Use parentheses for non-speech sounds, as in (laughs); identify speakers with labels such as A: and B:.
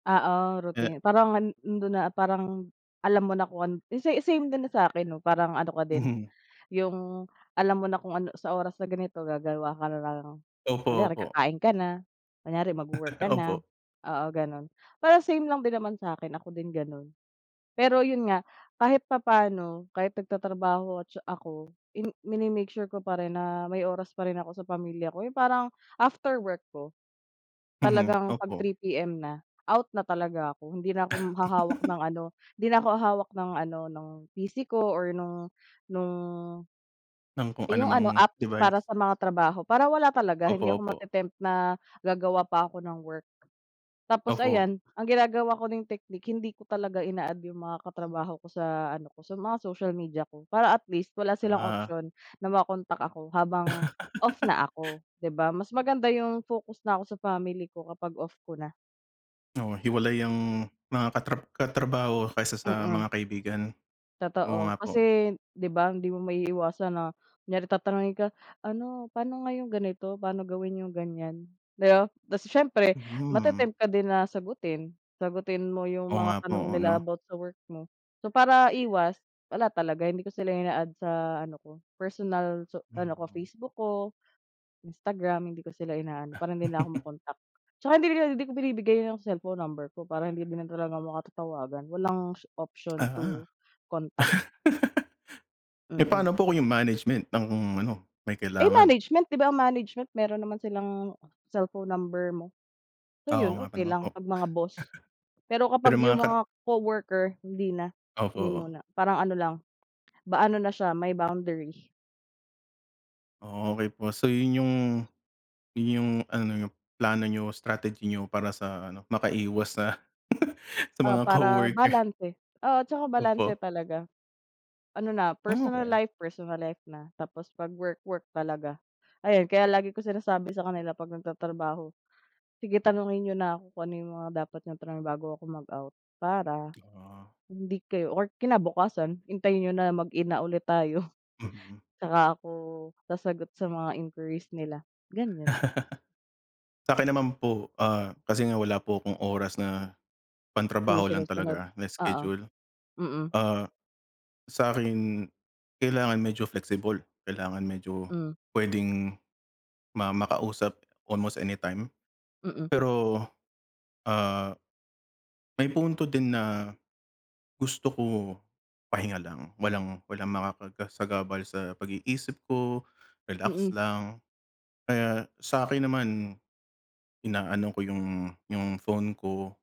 A: Oo,
B: Eh
A: routine. Parang an andun na, parang alam mo na kung an sa same din na sa akin 'no, parang ano ka din,
B: Mhm.
A: yung alam mo na kung ano sa oras na ganito gagawa ka na lang
B: Opo,
A: kunyari
B: opo.
A: kakain ka na, kunyari magwo-work
B: (chuckles)
A: ka na,
B: Opo.
A: oo, ganun. Parang same lang din naman sa'kin, ako din ganun. Pero yun nga, kahit papa'no kahit nagtatrabaho ako mini-make sure ko pa rin na may oras pa rin ako sa pamilya ko. Yung parang after work ko,
B: Mhm,
A: talagang 'pag
B: opo.
A: 3:00 PM na, out na talaga ako, hindi na ako m hahawak
B: (giggles)
A: ng ano, hindi na ako hahawak ng ano, ng PC ko or nung nung
B: Ng kung
A: yung ano,
B: anumang
A: apps
B: device.
A: para sa mga trabaho para wala talaga,
B: Opo,
A: hindi ako
B: opo.
A: mate-tempt na gagawa pa ako ng work. Tapos
B: Opo.
A: ayan, ang ginagawa ko ring technique, hindi ko talaga ina-add yung mga katrabaho ko sa ano ko, sa mga social media ko para at least wala silang
B: Ah.
A: option na ma-contact ako habang off
B: (laughs)
A: na ako. Di ba mas maganda yung focus na ako sa family ko kapag off ko na.
B: Oh, hiwalay ang mga katra katrabaho kaysa sa
A: Mm.
B: mga kaibigan. Oo
A: Totoo.
B: nga po.
A: Kasi di ba hindi mo maiiwasan na, kunyari tatanungin ka, "Ano, pa'no nga yung ganito, paano gawin yung ganyan," di ba? Kasi siyempre
B: Mhm.
A: mate-temp ka din na sagutin, sagutin mo yung
B: Oo
A: mga
B: nga po.
A: tanong
B: Oo,
A: nila
B: 'no.
A: about sa work mo. So, para iwas, wala talaga hindi ko sila ina-add sa ano ko, personal so ano ko,
B: Hmm.
A: Facebook ko, Instagram, hindi ko sila ina-add para hindi nila ako
B: (chuckles)
A: ma-contact. Tsaka hindi rin hindi ko binibigay yung cellphone number ko para hindi na talaga maka tatawagan. Walang option to
B: Aha.
A: contact.
B: (laughs) Eh,
A: Mm.
B: paano po kung yung management ang ano, may
A: Eh,
B: kailangan?
A: management, di ba ang management meron naman silang cellphone number mo. So,
B: Oo
A: yun
B: nga pa
A: okey
B: naman
A: lang
B: po.
A: pag mga boss.
B: (chuckles)
A: Pero kapag
B: Pero mga
A: yung
B: kat
A: mga coworker hindi na,
B: Opo,
A: hindi
B: oh.
A: muna parang ano lang, ba ano na siya, may boundary.
B: Okey po. So, yun yung yun yung ano, yung plano niyo, strategy niyo para sa ano, makaiwas sa (giggles) sa
A: Ah,
B: mga
A: para
B: coworker.
A: balanse. Oo, tsaka balanse
B: Opo.
A: talaga. Ano na, personal
B: Okey.
A: life, personal life na. Tapos 'pag work, work talaga. Ayan, kaya lagi kong sinasabi sa kanila 'pag nagtatrabaho, "Sige, tanungin niyo na ko kung ano mga dapat niyong tanungin bago ako mag-out para
B: Ah.
A: hindi kayo or kinabukasan hintayin niyo na mag-in na ulit tayo."
B: Mhm.
A: (chuckles) Tsaka ako sasagot sa mga inquiries nila, ganyan.
B: (laughs) Sa'kin naman po, ah, kasi nga wala po akong oras na
A: Hindi
B: pangtrabaho lang
A: sinusunod?
B: talaga na
A: Oo,
B: schedule.
A: mm.
B: Ah, sa'kin kailangan medyo flexible, kailangan medyo
A: Hmm.
B: puwedeng ma makausap almost anytime.
A: Mm.
B: Pero, ah, may punto din na gusto ko pahinga lang, walang, walang makakasagabal sa pag-iisip ko, relax
A: Mm.
B: lang. Kaya sakin naman, inaano ko yung yung phone ko.